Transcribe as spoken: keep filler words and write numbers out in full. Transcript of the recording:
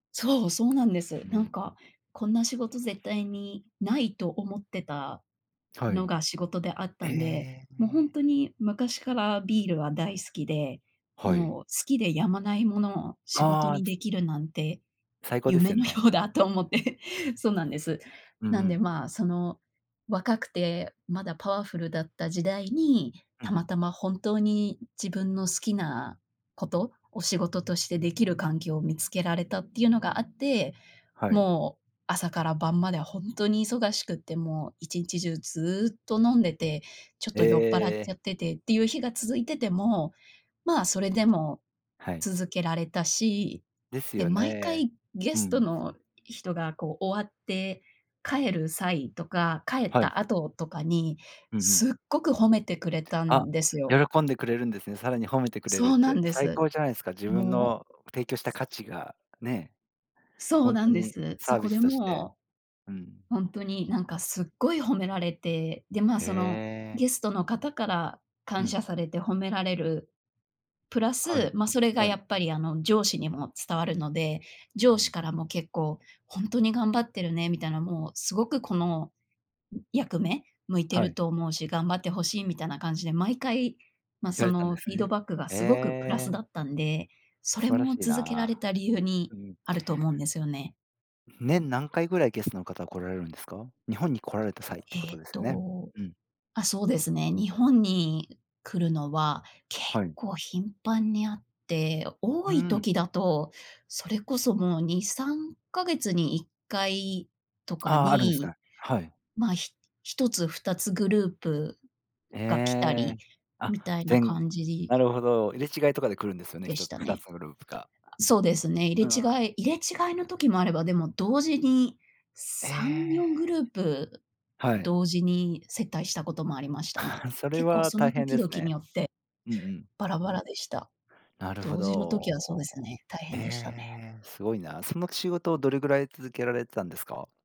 そう、そうなんです。うなんん。か、こんな仕事絶対にないと思ってたはのい。が仕事であっえたんで、ええもうほんえ。とに、昔からビールは大好きで、はい。もう好きでやまないものを仕事ああ。につできるなんて、最高です夢よのよね。うだと思ってそうなんです。うんうなんでん。まあ、その若くて、まだパワフルだった時代に、うんたうん。またま本当に自分の好きなことを、仕事としてできる環境を見つけられたっていうのがあって、はい。もう朝から晩まではほんとに忙しくって、もう一日中ずっと飲んでて、ちょっえと酔っぱらっえ。ちゃっててっていう日が続いてても、まあ、それでもはい。続けられたし、ですで、よ毎ね。回ゲうんうストん。の人がこう終わって帰る際とか、帰っはい。た後とかに、うんうん。すっごく褒めてくれたあ、んですよ。喜んでくれるんですね、さらに褒めてくれるそっうなて。んで最す。高じゃないすか。自分ものう。提供したす価値がね。そほうんなとんでにす。サそービこスでとしてもうんうん。う、ほんとになんかすっごい褒められて、で、まあ、へそのえ。ゲストの方からう感ん。謝されて褒められる。プラはス、い。ま、それがはい。やっぱりあの上司にも伝わるので、う上司ん。からも結構「ほんとに頑張ってるね」みたいな、もうすごく、この、うん、役目向いてはるい。と思うし、頑張って欲しいみたいな感じで、毎回、ま、言わそれたんのでフすィードね。バックがへすごくプラスだえ。ったんで、そ素れ晴らもしい続けらな。れた理由にうん。あると思うんですよね。年何回ぐらいゲストの方来られるんですか？日本に来られた際ってこえとっですね。とうん。あ、そうですね、日本に来るのは結はい。構頻繁にあって、う多ーいん。時だと、それこそもうにさんかげつにいっかいとかああ、あるんですに、か。はい。まあ、ひひとつふたつグループが来たえりえ。あ、みたいなぜんごぐ感じ。なるほど。入れ違いとかで来るんうですよね？でひしとつたふたね。つグループが。あ、そうですね、う入れ違んうん。い入れ違いの時もあれば、でも同時にえさんよんグえ。ループはい。同時に接待したこともありましたね。それ結構はそ大の変時で々すにね。よってうんうん。バラバラでした。なるほ同時の時はそうでど。すね、大え変でしたね。え、すごいな。その仕事をどれぐらい続けられてたんですか？